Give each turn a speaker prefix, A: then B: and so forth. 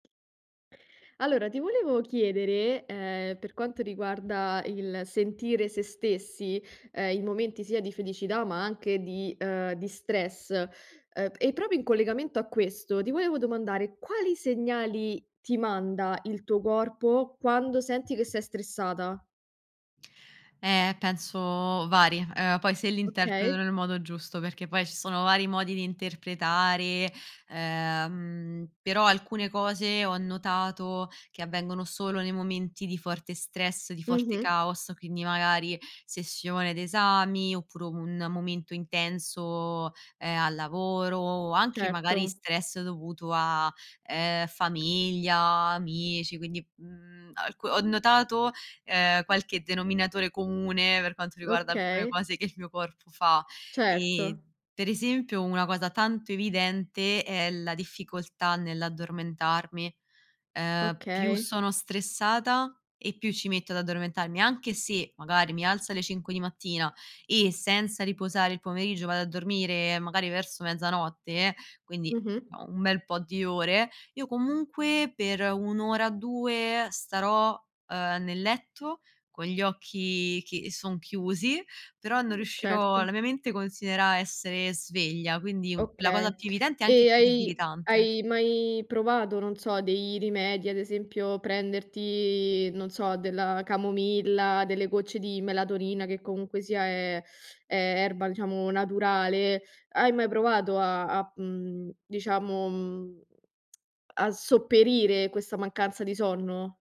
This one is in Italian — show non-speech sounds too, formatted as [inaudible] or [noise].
A: Allora ti volevo chiedere, ehm, per quanto riguarda il sentire se stessi, ehm, in momenti sia di felicità, ma anche di, uhm, di stress, ehm, e proprio in collegamento a questo ti volevo domandare: quali segnali ti manda il tuo corpo quando senti che sei stressata?
B: Eh penso vari, ehm, poi se li interpreto
A: Okay.
B: nel modo giusto, perché poi ci sono vari modi di interpretare, ehm, però alcune cose ho notato che avvengono solo nei momenti di forte stress, di forte
A: Mh-mh.
B: caos, quindi magari sessione d'esami oppure un momento intenso, ehm, al lavoro o anche magari
A: Certo.
B: stress dovuto a, ehm, famiglia, amici, quindi, mhmm, alc ho notato, ehm, qualche denominatore comune per quanto riguarda alcune
A: Okay.
B: cose che il mio corpo fa e
A: Certo.
B: pre esempio una cosa tanto evidente è la difficoltà nell'addormentarmi. Ehm, più
A: Okay.
B: sono stressata e più ci metto ad addormentarmi, anche se magari mi alzo alle 5 di mattina e senza riposare il pomeriggio vado a dormire magari verso mezzanotte, quindi,
A: Mh-mh.
B: uhm, un bel po' di ore, io comunque per 1 ora, 2 starò, ehm, nel letto con gli occhi che son chiusi, però non
A: Mhmm,
B: riuscirò
A: certo.
B: la mia mente considera essere sveglia, quindi, la cosa
A: Okay.
B: più evidente e anche
A: E
B: più
A: hai
B: debilitante.
A: hai mai provato, non so, dei rimedi, ad esempio, prenderti, non so, della camomilla, delle gocce di melatonina, che comunque sia è è erba, diciamo, naturale. Hai mai provato a a, mhmm, diciamo, mhmm, [smacks lips] a sopperire questa mancanza di sonno?